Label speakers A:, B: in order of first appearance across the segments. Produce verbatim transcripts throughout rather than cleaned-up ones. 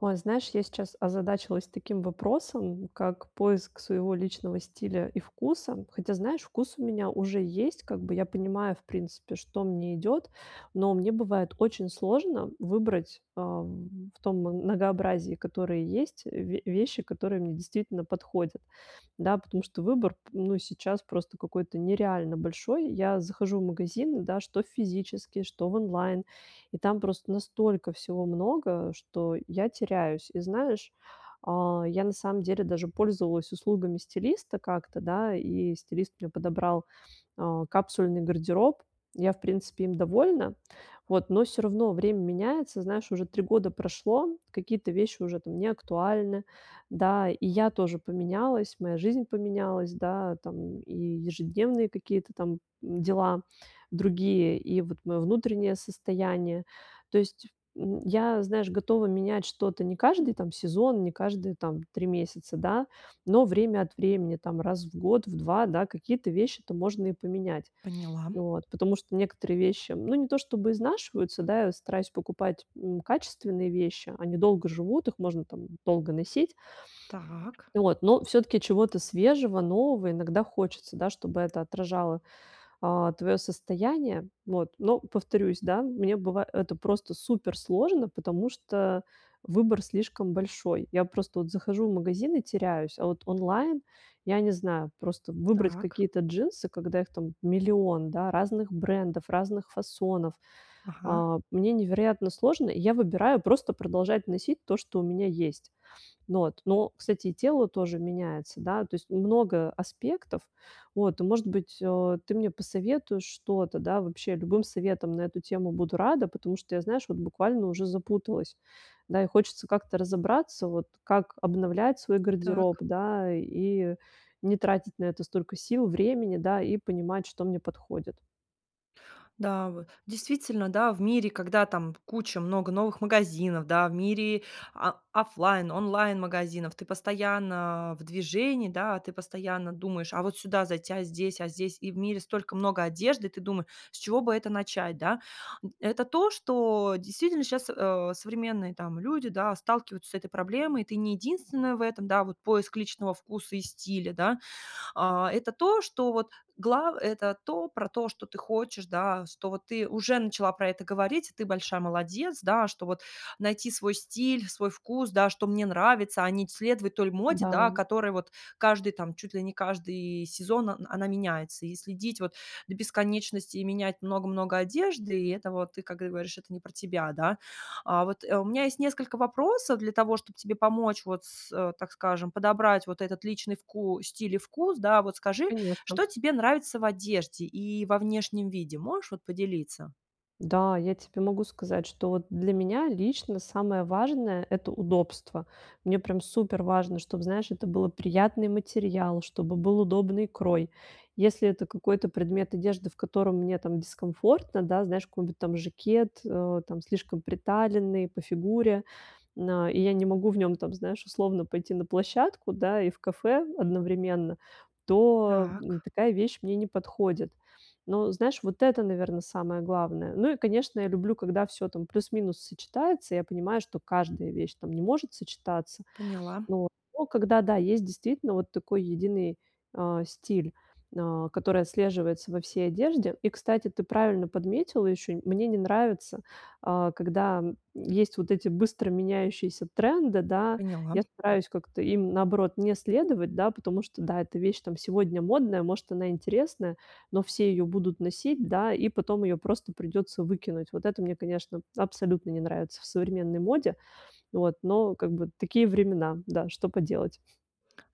A: Ой, знаешь, я сейчас озадачилась таким вопросом, как поиск своего личного стиля и вкуса. Хотя, знаешь, вкус у меня уже есть, как бы, я понимаю, в принципе, что мне идет, но мне бывает очень сложно выбрать, ам, в том многообразии, которые есть, ве вещи, которые мне действительно подходят. Да, потому что выбор п ну, сейчас просто какой-то нереально большой. Я захожу в магазины, да, что в физический, что в онлайн, и там просто настолько всего много, что я теряюсь. И знаешь, а, я на самом деле даже пользовалась услугами стилиста как-то, да, и стилист мне подобрал, а, капсульный гардероб. Я, в принципе, им довольна. Вот. Но всё равно время меняется, знаешь, уже три года прошло, какие-то вещи уже не актуальны, да. И я тоже поменялась, моя жизнь поменялась, да, там, и ежедневные какие-то там дела другие, и вот моё внутреннее состояние. То есть, м, я, знаешь, готова менять что-то не каждый там сезон, не каждые там три месяца, да, но время от времени, там, раз в год, в два, да, какие-то вещи-то можно и поменять.
B: Поняла.
A: Вот, потому что некоторые вещи, ну, не то чтобы изнашиваются, да, я стараюсь покупать, м, качественные вещи, они долго живут, их можно там долго носить.
B: Так.
A: Вот, но всё-таки чего-то свежего, нового иногда хочется, да, чтобы это отражало, а, твоё состояние. Вот. Но, повторюсь, да, мне быва это просто суперсложно, потому что выбор слишком большой. Я просто вот захожу в магазин и теряюсь, а вот онлайн, я не знаю, просто выбрать
B: Так.
A: какие-то джинсы, когда их там миллион, да, разных брендов, разных фасонов,
B: Ага.
A: а, мне невероятно сложно. Я выбираю просто продолжать носить то, что у меня есть. Вот, но, кстати, и тело тоже меняется, да, то есть много аспектов. Вот, и, может быть, э, ты мне посоветуешь что-то, да, вообще, любым советом на эту тему буду рада, потому что я, знаешь, вот буквально уже запуталась. Да, и хочется как-то разобраться, вот, как обновлять свой гардероб,
B: Так.
A: да, и не тратить на это столько сил, времени, да, и понимать, что мне подходит.
B: Да, вы. Действительно, да, в мире, когда там куча много новых магазинов, да, в мире, а, оффлайн, онлайн-магазинов, ты постоянно в движении, да, ты постоянно думаешь: "А вот сюда зайти, а здесь, а здесь". И в мире столько много одежды, и ты думы с чего бы это начать, да. М, это то, что действительно щас, а, современные там люди, да, сталкиваются с этой проблемой, и ты не единственная в этом, да, вот, поиск личного вкуса и стиля, да. А это то, что, вот, глав это то про то, что ты хочешь, да, что ты уже начала про это говорить, и ты большая молодец, да, что, вот, найти свой стиль, свой вкус, да, что мне нравится, а не следовать той моде, да,
A: Да.
B: которой вот каждый там, чуть ли не каждый сезон, он она меняется. И следить, вот, до бесконечности, и менять много-много одежды, и это вот ты, как говоришь, это не про тебя, да. А вот, э, у меня есть несколько вопросов для того, чтобы тебе помочь вот с, э, так скажем, подобрать вот этот личный вку стиль и вкус, да. Вот скажи,
A: Конечно.
B: что тебе нравится в одежде и во внешнем виде, можешь, вот, поделиться?
A: Да, я тебе могу сказать, что вот для меня лично самое важное- это удобство. Мне прям суперважно, чтобы, знаешь, это было приятный материал, чтобы был удобный крой. Если это какой-то предмет одежды, в котором мне там дискомфортно, да, знаешь, какой-нибудь там жакет, э, там, слишком приталенный по фигуре, на и я не могу в нём там, знаешь, условно пойти на площадку, да, и в кафе одновременно, то, м,
B: Так.
A: такая вещь мне не подходит. Но, знаешь, вот это, наверно, самое главное. Ну и, конечно, я люблю, когда всё там плюс-минус сочетается, я понимаю, что каждая вещь там не может сочетаться.
B: Поняла.
A: Вот, но когда, да, есть действительно вот такой единый, а, стиль, а, который отслеживается во всей одежде. И, кстати, ты правильно подметила ещё, мне не нравится, а, когда есть вот эти быстро меняющиеся тренды, да.
B: Поняла.
A: Я стараюсь как-то им, наоборот, не следовать, да, потому что, да, эта вещь там сегодня модная, может, она интересная, но все её будут носить, да, и потом её просто придётся выкинуть. Вот это мне, конечно, абсолютно не нравится в современной моде, вот. Но, как бы, такие времена, да, что поделать.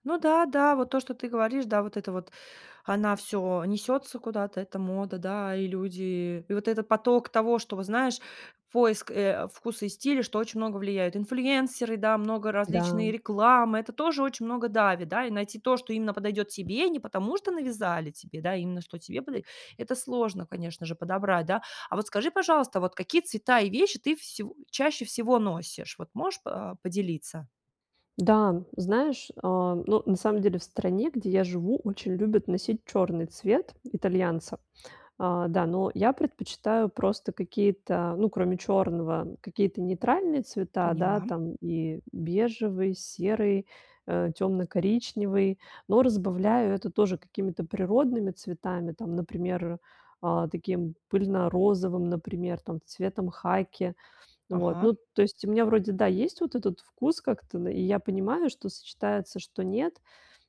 B: Ну да, да, вот то, что ты говоришь, да, вот это вот. Она всё несется куда-то, это мода, да, и люди и вот этот поток того, что вот, знаешь, поиск, э, вкуса и стиля, что очень много влияют. Инфлюэнсеры, да, много
A: Да.
B: различной рекламы- это тоже очень много давит, да, и найти то, что именно подойдет тебе, не потому что навязали тебе, да, именно что тебе подойдет. Это сложно, конечно же, подобрать, да. А вот скажи, пожалуйста, вот какие цвета и вещи ты всего чаще всего носишь, вот можешь по поделиться?
A: Да, знаешь, а, ну, на самом деле в стране, где я живу, очень любят носить черный цвет итальянца. А, да, но я предпочитаю просто какие-то, ну, кроме черного, какие-то нейтральные цвета, да,
B: Поняла.
A: там, и бежевый, серый, э, темно-коричневый. Но разбавляю это тоже какими-то природными цветами, там, например, а, таким пыльно-розовым, например, там, цветом хаки. Вот,
B: Ага.
A: ну, то есть, у меня вроде, да, есть вот этот вкус как-то, да, и я понимаю, что сочетается, что нет,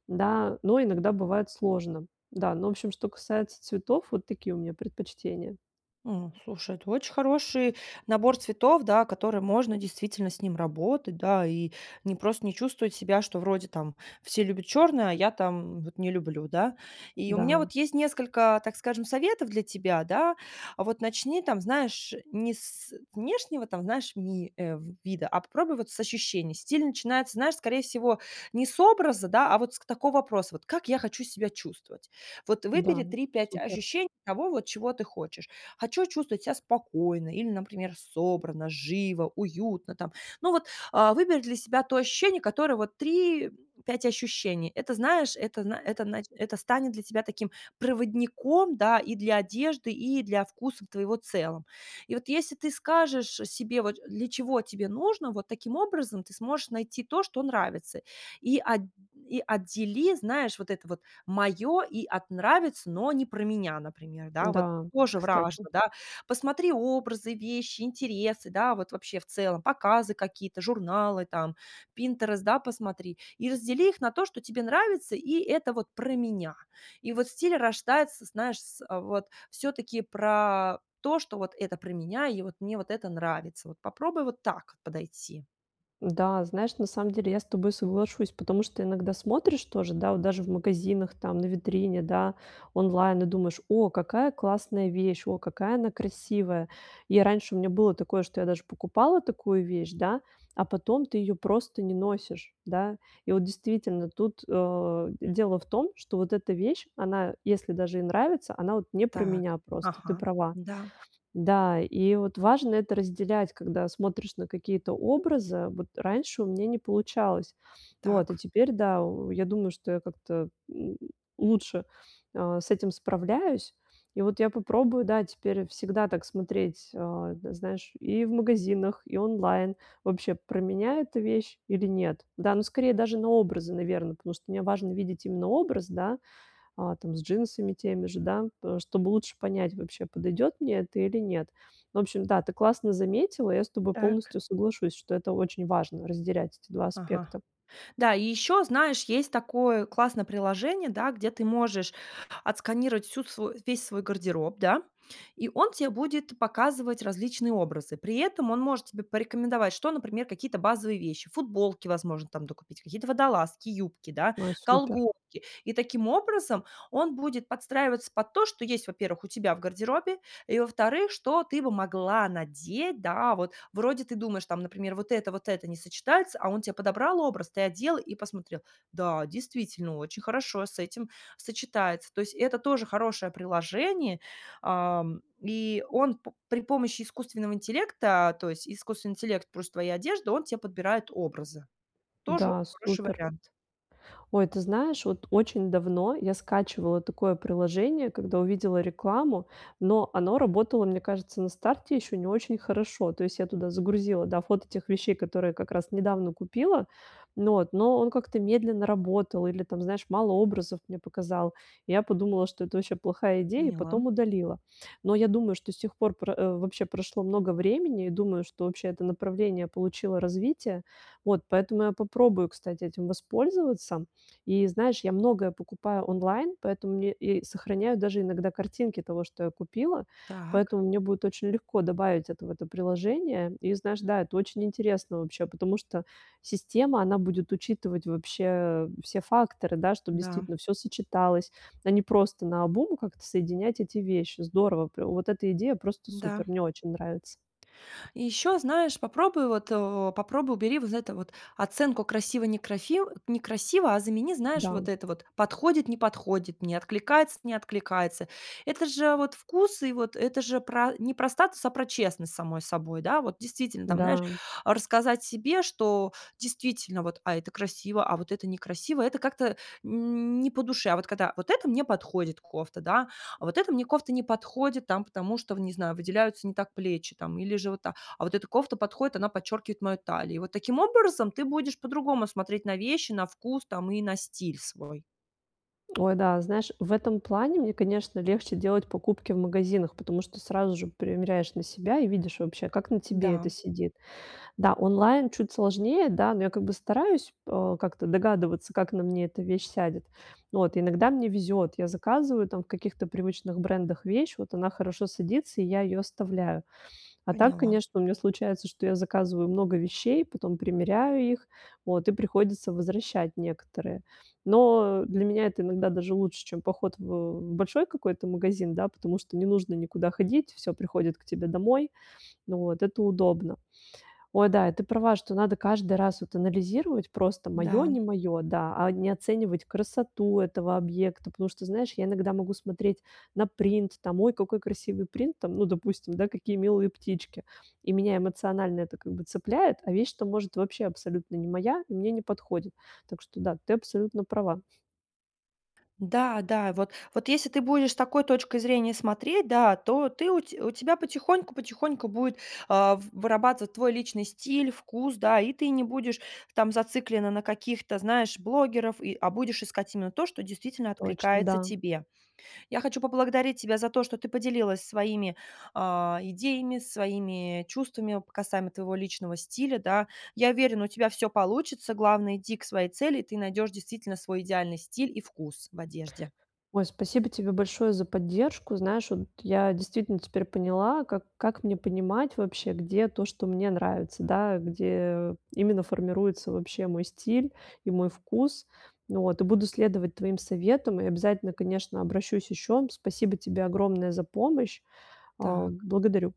A: да, но иногда бывает сложно. Да, ну, в общем, что касается цветов, вот такие у меня предпочтения.
B: Ну, слушай, это очень хороший набор цветов, да, который можно, действительно, с ним работать, да, и не просто не чувствовать себя, что вроде там все любят черное, а я там вот не люблю, да. И у меня
A: Да.
B: вот есть несколько, так скажем, советов для тебя, да. Вот начни там, знаешь, не с внешнего там, знаешь, ми э, в вида, а попробуй вот с ощущений. Стиль начинается, знаешь, скорее всего, не с образа, да, а вот с к такого вопроса вот: "Как я хочу себя чувствовать?". Вот
A: Да,
B: выбери три пять
A: супер.
B: ощущений того, вот чего ты хочешь. Хочу чувствовать себя спокойно или, например, собранно, живо, уютно там. Ну, вот, а выбери для себя то ощущение, которое вот три, пять ощущений. Это, знаешь, это зна это нач это станет для тебя таким проводником, да, и для одежды, и для вкусов твоего целом. И вот если ты скажешь, э, себе вот, для чего тебе нужно, вот таким образом ты сможешь найти то, что нравится. И от и отдели, знаешь, вот это вот "моё" и от "нравится, но не про меня", например, да, вот
A: Да,
B: тоже
A: кстати.
B: вражно, да. Посмотри образы, вещи, интересы, да, вот вообще в целом показы какие-то, журналы там, Pinterest, да, посмотри, и раздели их на то, что тебе нравится, и "это вот про меня". И вот стиль рождается, знаешь, с, э, вот всё-таки про то, что вот это про меня, и вот мне вот это нравится. Вот попробуй вот так подойти.
A: Да, знаешь, на самом деле я с тобой соглашусь, потому что иногда смотришь тоже да вот даже в магазинах там, на витрине, да, онлайн и думаешь: "О, какая классная вещь, о какая она красивая". И раньше у меня было такое, что я даже покупала такую вещь, да, а потом ты ее просто не носишь, да. И вот, действительно, тут, э, дело в том, что вот эта вещь, она, если даже и нравится, она вот не про
B: Так,
A: меня просто, ты
B: ага.
A: права.
B: Да.
A: Да, и вот важно это разделять, когда смотришь на какие-то образы. Вот раньше у меня не получалось. Вот, а
B: Так.
A: теперь да, о, я думаю, что как-то м лучше, э, с этим справляюсь. И вот я попробую, да, теперь всегда так смотреть, а, да, знаешь, и в магазинах, и онлайн: вообще, про меня эта вещь или нет. Да, ну, скорее, даже на образы, наверно, потому что мне важно видеть именно образ, да, а, там, с джинсами теми же, да, пэ чтобы лучше понять, вообще, подойдет мне это или нет. В общем, да, ты классно заметила, я с тобой
B: Так.
A: полностью соглашусь, что это очень важно- разделять эти два
B: Ага.
A: аспекта.
B: Да, и ещё, знаешь, есть такое классное приложение, да, где ты можешь отсканировать всю свою весь свой гардероб, да, и он те будет показывать различные образы. При этом он может тебе порекомендовать, что, например, какие-то базовые вещи: футболки, возможно, там докупить, какие-то водолазки, юбки, да,
A: Ой, супер.
B: колготки. И, таким образом, он будет подстраиваться под то, что есть, во-первых, у тебя в гардеробе, и, во-вторых, что ты бы могла надеть, да, вот. Вроде, ты думаешь, там, например: "Вот это, вот это не сочетается". А он те подобрал образ, ты одел и посмотрел: "Да, действительно, очень хорошо с этим сочетается." То есть, это тоже хорошее приложение, ам, и он п при помощи искусственного интеллекта, то есть, искусственный интеллект, плюс твоя одежда, он те подбирает образы. Тоже
A: Да,
B: хороший
A: супер.
B: вариант.
A: Ой, ты знаешь, от очень давно я скачивала такое приложение, когда увидела рекламу, но оно работало, мне кажется, на старте ещё не очень хорошо. То есть, я туда загрузила, да, фото тех вещей, которые как раз недавно купила, но от, но он как-то медленно работал или, там знаешь, мало образов мне показал. Я подумала, что это вообще плохая идея, и
B: Поняла.
A: потом удалила. Но я думаю, что с тех пор про э, вообще прошло много времени, и думаю, что вообще это направление получило развитие. Вот, поэтому я попробую, кстати, этим воспользоваться. И, знаешь, я многое покупаю онлайн, поэтому мне я и сохраняю даже иногда картинки того, что я купила.
B: Так.
A: Поэтому мне будет очень легко добавить это в это приложение. И, знаешь, да, это очень интересно вообще, потому что система, она будет учитывать вообще, э, все факторы, да, чтоб,
B: Да.
A: действительно, всё сочеталось, а не просто наобум как-то соединять эти вещи. Здорово, пря вот эта идея просто
B: Да.
A: супер, мне очень нравится.
B: И ещё знаешь попробуй вот, о, попробуй убери вот это вот: оценку красиво-некрафи некрасиво. А замени, знаешь,
A: Да.
B: вот это вот: подходит-не подходит, мне откликается-не откликается. Это же вот вкусы, и вот это же про не про статус, а про честность с самой собой, да, вот. Действительно, там, знаешь,
A: Да.
B: рассказать себе, что: "Действительно, вот, а это красиво, а вот это некрасиво, это как-то не по душе". А вот когда: "Вот эта мне подходит кофта, да, а вот эта мне кофта не подходит, там, потому что, в, не знаю, выделяются не так плечи, там, или же вот так. А вот эта кофта подходит, она подчеркивает мою талию." И вот таким образом, ты будешь по-другому смотреть на вещи, на вкус, там, и на стиль свой.
A: Ой, да, знаешь, в этом плане мне, конечно, легче делать покупки в магазинах, потому что сразу же примеряешь на себя и видишь вообще, как на тебе это
B: Да.
A: сидит. Да, онлайн чуть сложнее, да, но я как бы стараюсь, э, как-то догадываться, как на мне эта вещь сядет. Вот иногда мне везет. Я заказываю, там, в каких-то привычных брендах вещь, вот она хорошо садится, и я ее оставляю. А так,
B: Поняла.
A: конечно, у меня случается, что я заказываю много вещей, потом примеряю их, вот, и приходится возвращать некоторые. Но для меня это иногда даже лучше, чем поход в большой какой-то магазин, да, потому что не нужно никуда ходить, всё приходит к тебе домой. Вот, это удобно. Ой, да, ты права, что надо каждый раз вот анализировать просто "моё-
B: Да.
A: не моё", да, а не оценивать красоту этого объекта, потому что, знаешь, я иногда могу смотреть на принт, там: "Ой, какой красивый принт". Там, ну, допустим, да: "Какие милые птички". И меня эмоционально это как бы цепляет, а вещь-то, может, вообще абсолютно не моя и мне не подходит. Так что да, ты абсолютно права.
B: Да да, вот вот если ты будешь с такой точкой зрения смотреть, да, то ты у те у тебя потихоньку потихоньку будет, а, в вырабатываться твой личный стиль, вкус, да, и ты не будешь там зациклена на каких-то, знаешь, блогерах, и, а будешь искать именно то, что действительно
A: Точно,
B: откликается
A: да.
B: тебе. Я хочу поблагодарить тебя за то, что ты поделилась своими, а, идеями, своими чувствами касаемо твоего личного стиля, да. Я уверена, у тебя всё получится. Главное- иди к своей цели и ты найдешь, действительно, свой идеальный стиль и вкус в одежде.
A: Ой, спасибо тебе большое за поддержку. Знаешь, вот я действительно теперь поняла, как как мне понимать вообще, где то, что мне нравится, да. Где именно формируется вообще мой стиль и мой вкус. Вот и буду следовать твоим советам и обязательно, конечно, обращусь ещё. Спасибо тебе огромное за помощь. А,
B: Так.
A: благодарю!